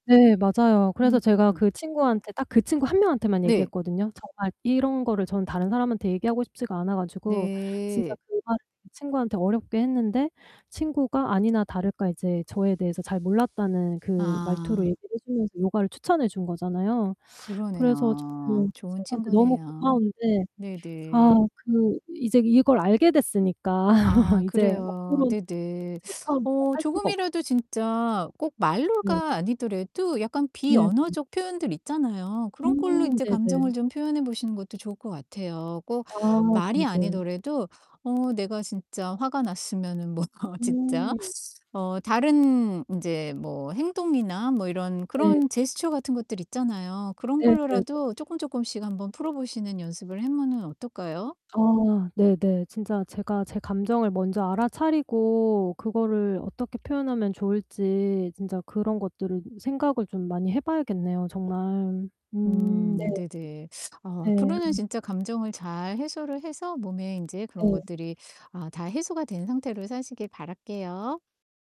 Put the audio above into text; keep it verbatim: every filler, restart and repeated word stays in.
네 맞아요. 그래서 제가 음. 그 친구한테 딱 그 친구 한 명한테만 네. 얘기했거든요. 정말 이런 거를 저는 다른 사람한테 얘기하고 싶지가 않아 가지고 진짜 네. 그 말을 친구한테 어렵게 했는데 친구가 아니나 다를까 이제 '저에 대해서 잘 몰랐다.'는 그 말투로 아. 얘기를 해 주면서 요가를 추천해 준 거잖아요. 그래서 저는 그 그러네요. 좋은 친구한테 너무 친구네요. 고마운데 아 네네. 그 이제 이걸 알게 됐으니까 아 이제 그래요. 앞으로 네네. 전처럼 제가 어 살 수가 없 조금이라도 진짜 꼭 네. 말로가 아니더라도 약간 네 네. 비언어적 표현들 있잖아요. 그런 걸로 음 인제 네네. 감정을 좀 표현해 보시는 것도 좋을 것 같아요. 꼭 아 말이 네네. 아니더라도 어 내가 진짜 화가 났으면은 뭐 진짜 음. 어 다른 인제 뭐 행동이나 뭐 이런 네. 그런 제스처 같은 것들 있잖아요. 그런 네 네 네. 걸로라도 쪼끔쪼끔씩 한번 풀어보시는 연습을 하면은 어떨까요? 아 네네. 진짜 제가 제 감정을 먼저 알아차리고 그거를 '어떻게 표현하면 좋을지.' 진짜 그런 것들을 생각을 좀 많이 해 봐야겠네요 정말. 음 네. 음 네네. 아 네 앞으로는 음. 진짜 감정을 잘 해소를 해서 몸에 인제 그런 네. 것들이 아 다 해소가 된 상태로 사시길 바랄게요.